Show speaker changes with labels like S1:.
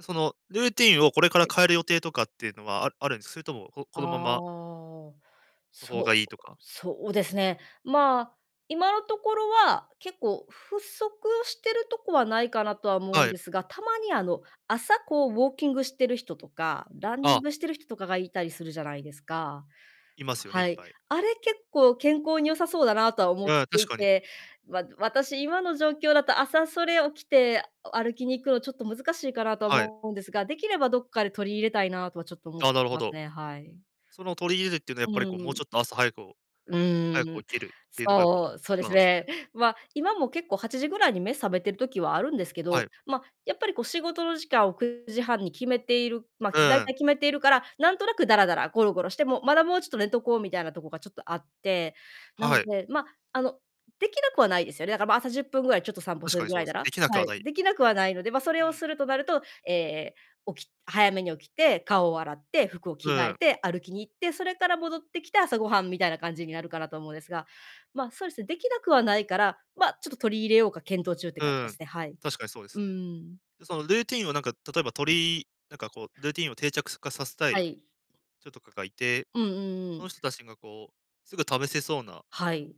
S1: その、ルーティンをこれから
S2: はい。
S1: 変える予定とかっていうのは、ああるんそれとも、ここ
S2: あ
S1: のまま
S2: あ、
S1: の方
S2: そう
S1: がいいとか？
S2: そうですね。ま、今のところは、結構不足してるとこはないかなとは思う
S1: は
S2: ん
S1: い。
S2: ですが、たまに、あの、朝、こう、ウォーキングしてる人とか、ランニ
S1: あ
S2: ン
S1: あ。
S2: グしてる人とかがいたりするじゃないですか。
S1: いますよね、い
S2: は
S1: っ
S2: い。
S1: ぱい。
S2: あれ結構健康に良さそうだなとは思
S1: い
S2: っ
S1: や、
S2: て
S1: 確
S2: い
S1: かに。
S2: て、わ私、今の状況だと、朝それ起きて、お歩きに行くのちょっと難しいかなとは
S1: はい。
S2: 思うんですが、できればどっかで取り入れたいなとはちょっと思っ
S1: あ
S2: て
S1: あ、なるほ
S2: ます
S1: ど。
S2: ね、はい。
S1: その、取り入れるっていうのは、や
S2: う
S1: っぱり、こう、もう
S2: ー
S1: ち
S2: ん。
S1: ょっと朝早くお
S2: う
S1: 早く
S2: ーん。
S1: 起きるっていうのがやっぱ、
S2: そう、そうで
S1: 今
S2: す
S1: なんすか
S2: ね。
S1: ね？
S2: ま、今も結構8時ぐらいに目覚めてる時はあるんですけ
S1: は
S2: ど、
S1: い。
S2: ま、やっぱり、こう、仕事の時間を9時半に決めている、ま、
S1: う
S2: ちゅ大
S1: ーん。
S2: 体決めているから、何となくだらだらゴロゴロして、もう、まだもうちょっと寝とこうみたいなとこがちょっとあって。な
S1: は
S2: の
S1: い。
S2: で、ま、あの、できなくはないですよね。だか、ま、朝10分ぐらいちょっと散歩
S1: 確
S2: す
S1: か
S2: る
S1: に
S2: ぐ
S1: そう
S2: ら
S1: で
S2: いな
S1: すね、で
S2: ら。
S1: きなく
S2: は
S1: は
S2: い。
S1: ない。
S2: できなくは
S1: 多
S2: ない
S1: 分。
S2: ので、ま、そ
S1: う
S2: れを
S1: ーん。
S2: するとなると、ええ、起き早めに起きて、顔を洗って、服を着
S1: う
S2: 替
S1: ー
S2: え
S1: ん。
S2: て、歩きに行って、それから戻ってきて、朝ごはん、みたいな感じになるかなと思うんですが。ま、そうですね、できなくはないから、ま、ちょっと取り入れようか検討中って
S1: う
S2: 感じ
S1: ー
S2: です
S1: ん、
S2: ね。はい。
S1: 確かにそうです
S2: うー
S1: ね。
S2: ん。
S1: や、そのルーティンを、なんか、例えばとりいなんか、こう、ルーティンを定着化させた
S2: は
S1: い
S2: い。
S1: 人とかがいて、
S2: うんうんう
S1: その
S2: ん。
S1: 人たちが、こう、すぐ試せそうな
S2: はい。